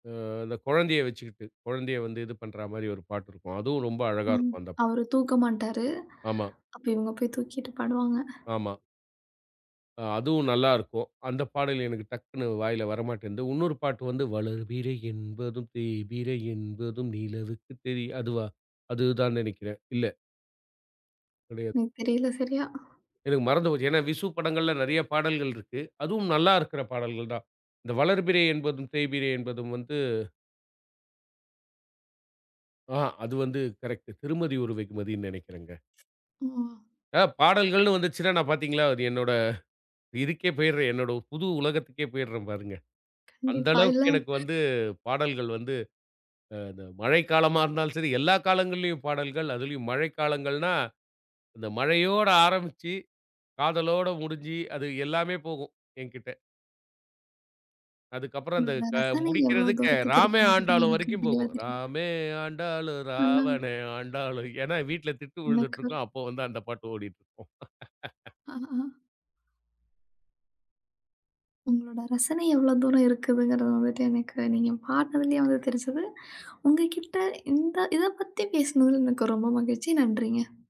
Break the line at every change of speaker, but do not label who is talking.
அ அந்தக் கொழந்தைய வச்சுக்கிட்டு. குழந்தைய வந்து இது பண்றா மாதிரி ஒரு பாட்டு இருக்கும். அதுவும் ரொம்ப அழகா
ம்,
இருக்கும் அந்தப்
அவரு தூக்க மாட்டாரு.
ஆமா.
அப்ப இவங்க போய் தூக்கிட்டு பாடுவாங்க.
ஆமா. அ அதுவும் நல்லா இருக்கும். அந்தப் பாடல் எனக்கு டக்குன்னு வாயில வர மாட்டேன்து. உன்னொரு பாட்டு வந்து வளர்பிறை என்பதும் தேய்பிறை என்பதும் நிலவுக்கு தெரிய, அதுவா? அதுதான் நினைக்கிறேன். இல்ல கெடையாது.
எனக்குத் தெரியல சரியா.
எனக்கு மறந்து போச்சு. ஏன்னா, விசு படங்கள்ல நெறைய பாடல்கள் இருக்கு. அதுவும் நல்லா இருக்குற பாடல்கள் தான். இந்த வளர்பிறை என்பதும் தேய்பிறை என்பதும் வந்து ஆ அது வந்து கரெக்ட். திருமதி ஒரு வெகுமதினு நினைக்கிறேங்க.
ம்ஹ்ம்.
அ பாடல்கள்ன்னு வந்துச்சுன்னா நான் பார்த்தீங்களா! என்னோட இதுக்கே போயிடுறேன். "என்னோட புது உலகத்துக்கே போயிடுறேன் பாருங்க." அந்த
கண்டிப்பா, இல்ல.
அளவுக்கு "எனக்கு வந்து பாடல்கள் வந்து அ த மழைக்காலமா இருந்தாலும் சரி, எல்லா காலங்கள்லயும் பாடல்கள். அதுலயும் மழை காலங்கள்னா அந்த மழையோடு ஆரம்பிச்சு, காதலோட முடிஞ்சி அது எல்லாமே போகும் என்கிட்ட." அதுக்கப்புறம் அந்த
உங்களோட
இப்ப
ரசனை எவ்ளோ
முடிக்கிறதுக்கு
தூரத்துக்கு
ராமே
இருக்குன்றது
ஆண்டாலும்
எனக்கு
வரைக்கும்
தெளிவா
போகும்.
தெரியுது.
ராமே ஆண்டாலும்,
ஆனா
ராவணே ஆண்டாலும், ஏன்னா வீட்ல திட்டுவுழுந்துட்டு
எனக்கு
இருக்கும். அப்போ வந்து அந்தப் பாட்டு ஓடிட்டு இருக்கும்.
ஆஹாஹா உங்களோட ரசனை எவ்ளோ தூரம் இருக்குதுங்குறது வந்துட்டு, எனக்கு நீங்கப் பாடுனதுலயே வந்து தெரிஞ்சுது. உங்ககிட்ட இந்த இதப் பத்தி பேசுனது எனக்கு ரொம்ப மகிழ்ச்சி. நன்றிங்க.